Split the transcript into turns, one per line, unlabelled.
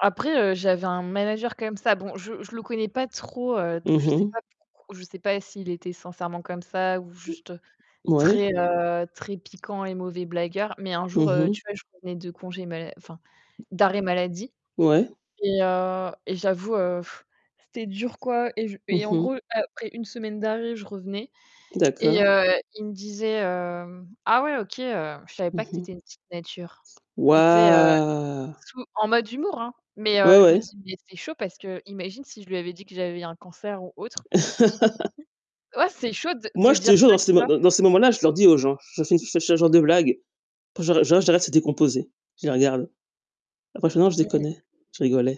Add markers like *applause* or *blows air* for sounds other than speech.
Après, heu, j'avais un manager comme ça. Bon, je je le connais pas trop, heu, donc
Mmh
je sais
mh.
pas pourquoi je sais pas s'il était sincèrement comme ça ou juste
Ouais.
très, heu, très piquant et mauvais blagueur. Mais un jour,
Mmh
heu,
mh.
tu vois, je revenais de congés mal enfin, d'arrêt maladie
Ouais.
et heu et j'avoue, heu, *blows air* c'était dur quoi et je
Mmh
et en
mh.
gros, après une semaine d'arrêt, je revenais et
D'accord.
heu, il me disait, hem: «Ah ouais OK, heu, je savais
Mmh
pas que tu
mh.
étais une petite nature». Mais tu sais,
Wouah!
sous en mode humour hein, mais,
Ouais,
heu, je me
ouais.
dis, mais c'est chaud, parce qu'imagine si je lui avais dit que j'avais un cancer ou autre il se sent
*laughs*
ouais, c'est chaud de
Moi,
de
je
dire
te jure
ça,
dans ces
tu
m
vois?
dan dans ces moments-là, je leur dis aux gens, je je *unintelligible* ce genre de blague, j'a j'ar *unintelligible* s'est décomposé, je les regarde. Après je dis: «Non, je
Mmh mh.
déconnais, je rigolais».